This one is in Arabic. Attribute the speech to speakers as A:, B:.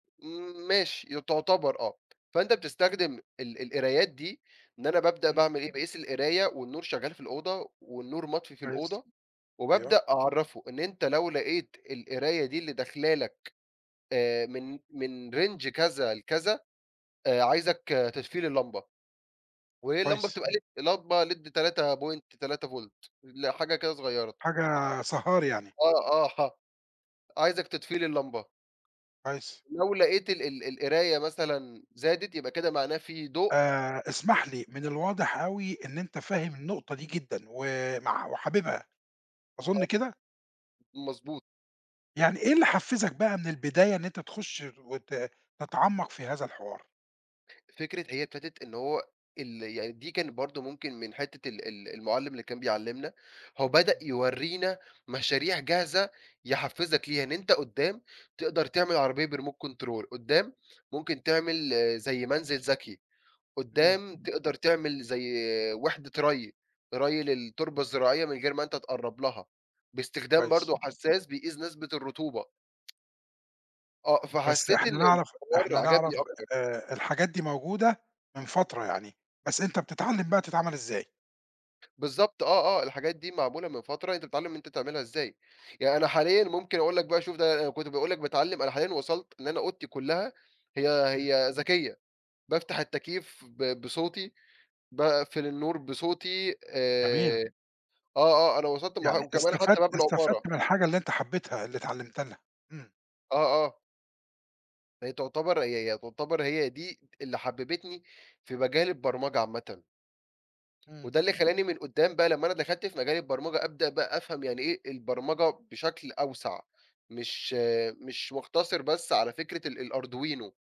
A: إمم ماشي، ي تعتبر آه، فأنت بتستخدم ال القرايات دي إن أنا بابدأ
B: امم.
A: باعمل إيه، باقيس القراية والنور شغال في الأوضة والنور مطفي في
B: كويس،
A: الأوضة،
B: أيوه.
A: وبابدأ أعَرَّفُه إن أنت لو لقيت القراية دي اللي داخلة لك آآ، من من range كذا لكذا آآ، عايزك تطفي لي اللمبة، وهي اللمبة
B: كويس.
A: بتبقى LED لمبة LED 3.3 فُولت ال حاجة كده صغيرة.
B: حاجة سهاري يعني.
A: آه، آه، ح عايزك تطفي لي اللمبة.
B: كويس.
A: لو لقيت ال ال القراية مثلًا زادت يبقى كده معناه فيه ضوء.
B: آآ، اسمح لي، من
A: [unintelligible]
B: الواضح أوي إن أنت فاهم النقطة دي جدًا، ومع وحاببها، أظن
A: آه،
B: كده؟
A: مضبوط.
B: يعني إيه اللي حفزك بقى من البداية إن أنت تخش وت تتعمق في هذا الحوار؟
A: فكرة هي ابتدت إن هو ال يعني دي كانت برضو ممكن من حتّة ال ال المُعَلّم اللي كان بيعلّمنا، هو بدأ
B: امم.
A: يوَرينا مشاريع جاهزة يحفّزك ليها، إن أنت قدّام تقدر تعمل عربية بremote control، قدّام ممكن تعمل زي منزل ذكي،
B: امم.
A: قدّام تقدَر تعمل زي وحدة رَيّ، رَيّ للتربة الزراعية من غير ما أنت تقرّب لها، باستخدام
B: كويس.
A: برضو حساس بيقيس نسبة الرطوبة. آه،
B: بس
A: فحسيت إن
B: إحنا نعرف إحنا
A: الحوار عجبني
B: نعرف
A: أكتر.
B: آآ، الحاجات دي موجودة من فترة يعني، بس أنت بتتعلم بقى تتعمل إزاي.
A: بالضبط آه، آه، الحاجات دي معمولة من فترة، أنت بتتعلم أنت تعملها إزاي، يعني أنا
B: امم.
A: حاليًا ممكن أقول لك بقى شوف ده أنا كُنت باقول لك باتعلم، أنا حاليًا وصلت إن أنا أوضتي كُلَّها هي
B: امم.
A: هي ذكية، بافتح التكييف ب بصوتي، باقفل النور بصوتي،
B: جميل.
A: آآ آه، آه، أنا وصلت لمرحل
B: يعني
A: وكمان حتى باب
B: استفدت استفدت
A: العُمارة.
B: من الحاجة اللي أنت حبيتها اللي اتعلمْت لها، امم.
A: آه، آه. هي تُعتبر هي هي تُعتبر هي دي اللي حَببتني في مجال البرمجة عامةً.
B: امم.
A: وده اللي خلّاني من قدّام بقى لمّا أنا دخلت في مجال البرمجة أبدأ بقى أفهم يعني إيه البرمجة بشكل أوسع، مش مش مُختصر بس على فكرة ال الArduino.